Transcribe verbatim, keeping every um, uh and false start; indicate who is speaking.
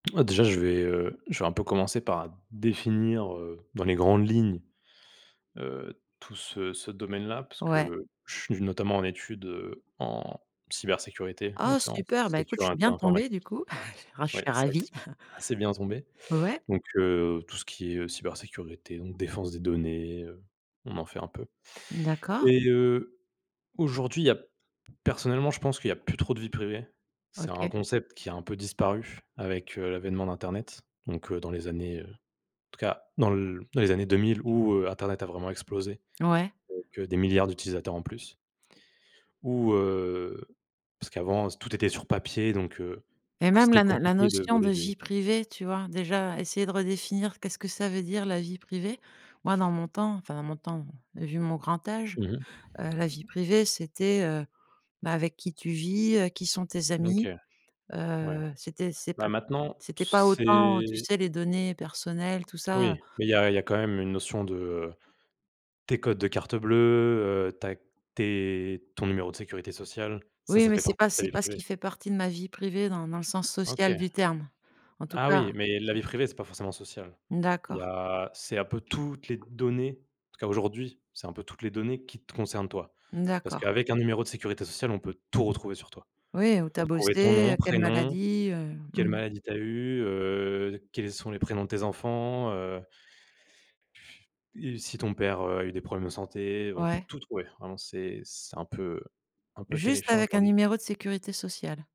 Speaker 1: Heu déjà, je vais, heu, je vais un peu commencer par définir, heu, dans les grandes lignes, heu, tout ce ce domaine-là puisque
Speaker 2: Ouais.
Speaker 1: je suis notamment en étude, heu, en, cybersécurité,
Speaker 2: Oh
Speaker 1: donc, c'est en
Speaker 2: super! Bah, écoute, je suis
Speaker 1: sécurité
Speaker 2: bien
Speaker 1: informatique.
Speaker 2: tombée, du coup. Ah je
Speaker 1: Ouais,
Speaker 2: suis
Speaker 1: c'est vrai que
Speaker 2: ravie.
Speaker 1: c'est c'est bien tombé.
Speaker 2: Ouais.
Speaker 1: Donc heu, tout ce qui est, heu, cybersécurité, donc défense des données, heu, on en fait un peu.
Speaker 2: D'accord.
Speaker 1: Et heu, aujourd'hui, il y a, personnellement, je pense qu'il y a plus trop de vie privée. C'est un
Speaker 2: OK.
Speaker 1: concept qui a un peu disparu avec, heu, l'avènement d'internet. Donc heu, dans les années, heu, en tout cas dans l dans les années deux mille où, heu, Internet a vraiment explosé,
Speaker 2: Ouais.
Speaker 1: donc heu, des milliards d'utilisateurs en plus. Ou, heu, parce qu'avant, heu, tout était sur papier. Donc heu,
Speaker 2: Et
Speaker 1: que
Speaker 2: même
Speaker 1: c'était
Speaker 2: la na la
Speaker 1: compliqué de
Speaker 2: notion
Speaker 1: voler
Speaker 2: de
Speaker 1: des
Speaker 2: vie privée, tu vois, déjà essayer de redéfinir qu'est-ce que ça veut dire la vie privée, moi dans mon temps, enfin dans mon temps vu mon grand âge,
Speaker 1: Mmh mh.
Speaker 2: heu, la vie privée c'était, heu bah, avec qui tu vis, heu, qui sont tes
Speaker 1: Mmh OK.
Speaker 2: amis,
Speaker 1: Ouais,
Speaker 2: heu, c'était c'est
Speaker 1: bah,
Speaker 2: p,
Speaker 1: maintenant,
Speaker 2: c'était pas autant tu
Speaker 1: c'est.
Speaker 2: sais les données personnelles tout ça, heu
Speaker 1: Oui, mais il y a il y a quand même une notion de tes codes de carte bleue, heu, ta tes ton numéro de sécurité sociale, ça
Speaker 2: Oui,
Speaker 1: ça
Speaker 2: mais
Speaker 1: fait
Speaker 2: c'est
Speaker 1: partie
Speaker 2: pas
Speaker 1: de ta
Speaker 2: c'est
Speaker 1: vie
Speaker 2: pas ce qui
Speaker 1: privée.
Speaker 2: fait partie de ma vie privée dans dans le sens social
Speaker 1: OK
Speaker 2: du terme. En tout
Speaker 1: Ah
Speaker 2: cas.
Speaker 1: oui, mais la vie privée, c'est pas forcément social.
Speaker 2: Mmh
Speaker 1: Il y
Speaker 2: d'accord.
Speaker 1: a c'est un peu toutes les données, en tout cas aujourd'hui, c'est un peu toutes les données qui te concernent toi.
Speaker 2: Mmh
Speaker 1: Parce que
Speaker 2: d'accord.
Speaker 1: avec un numéro de sécurité sociale, on peut tout retrouver sur toi.
Speaker 2: Oui, où tu
Speaker 1: On peut
Speaker 2: as
Speaker 1: retrouver ton
Speaker 2: bossé,
Speaker 1: nom,
Speaker 2: heu, quelle
Speaker 1: prénom,
Speaker 2: maladie, heu, mmh
Speaker 1: quelle
Speaker 2: mh.
Speaker 1: maladie t'as eues, heu, quels sont les prénoms de tes enfants, heu. Et si ton père, heu, a eu des problèmes de santé, on peut
Speaker 2: Ouais.
Speaker 1: tout trouver. Vraiment, c'est c'est un peu un peu
Speaker 2: Juste
Speaker 1: terrifiant
Speaker 2: avec un
Speaker 1: aujourd'hui.
Speaker 2: numéro de sécurité sociale.